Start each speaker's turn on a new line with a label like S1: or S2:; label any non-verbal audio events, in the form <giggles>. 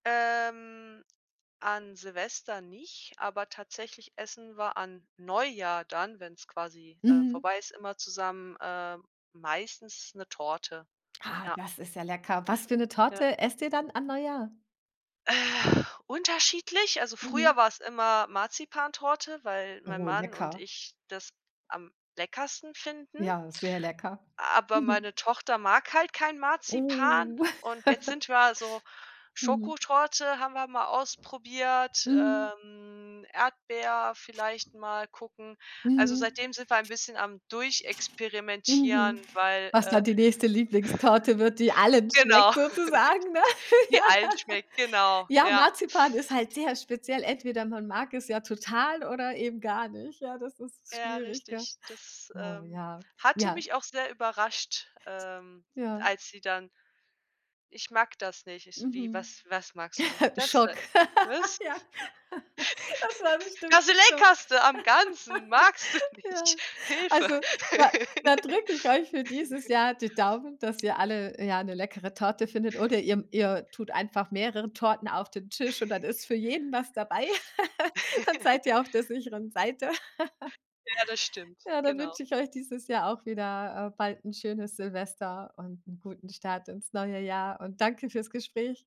S1: Ähm. An Silvester nicht, aber tatsächlich essen wir an Neujahr dann, wenn's quasi, äh,
S2: Mhm.
S1: vorbei ist, immer zusammen, ähm, meistens 'ne Torte.
S2: Ah,
S1: Ja.
S2: das ist ja lecker. Was für 'ne
S1: Ja.
S2: Torte esst ihr dann an Neujahr?
S1: Äh, unterschiedlich, also früher
S2: Mhm.
S1: war es immer Marzipantorte, weil mein
S2: Oh,
S1: Mann und
S2: lecker.
S1: ich das am leckersten finden.
S2: Ja, sehr lecker.
S1: Aber
S2: Mhm.
S1: meine Tochter mag halt kein Marzipan
S2: Uh.
S1: und jetzt
S2: <giggles>
S1: sind wir so
S2: Mhm.
S1: Schokotorte haben wir mal ausprobiert,
S2: Mhm.
S1: ähm, Erdbeer vielleicht mal gucken. Also,
S2: Mhm.
S1: seitdem sind wir ein bisschen am Durchexperimentieren,
S2: Mhm,
S1: weil
S2: was dann
S1: äh
S2: die nächste Lieblingstorte wird, die allen
S1: Genau.
S2: schmeckt
S1: <laughs>
S2: sozusagen, ne? <laughs>
S1: Die allen schmeckt, genau,
S2: Ja, Ja,
S1: ja.
S2: Marzipan ist halt sehr speziell. Entweder man mag es ja total oder eben gar nicht, ja, das ist
S1: Ja,
S2: schwierig, gell?
S1: richtig, das,
S2: Oh
S1: ähm,
S2: ja,
S1: hatte
S2: ja.
S1: mich auch sehr überrascht, ähm,
S2: Ja.
S1: als sie dann „Ich mag das nicht.“ Ich so: „Wie,
S2: Mhm.
S1: was was magst du nicht?“
S2: <chuckles>
S1: „Das da.“
S2: Schock.
S1: Ich so:
S2: <laughs>
S1: „Was?“
S2: Ja. <laughs> Das war
S1: <giggles>
S2: bestimmt
S1: Das
S2: 'n Schock.
S1: leckerste am Ganzen magst du
S2: <laughs> Ja.
S1: nicht, Hilfe.
S2: Also, da da drücke ich euch für dieses
S1: <laughs>
S2: Jahr die Daumen, dass ihr alle, ja, 'ne leckere Torte findet oder ihr ihr tut einfach mehrere Torten auf den Tisch und dann
S1: <chuckles>
S2: ist für jeden was dabei. <laughs> Dann seid
S1: <giggles>
S2: ihr auf der sicheren Seite. <giggles>
S1: Ja, das stimmt,
S2: Ja, dann
S1: genau.
S2: wünsche ich euch dieses Jahr auch wieder, äh, bald 'n schönes Silvester und 'n guten Start ins neue Jahr und danke fürs Gespräch.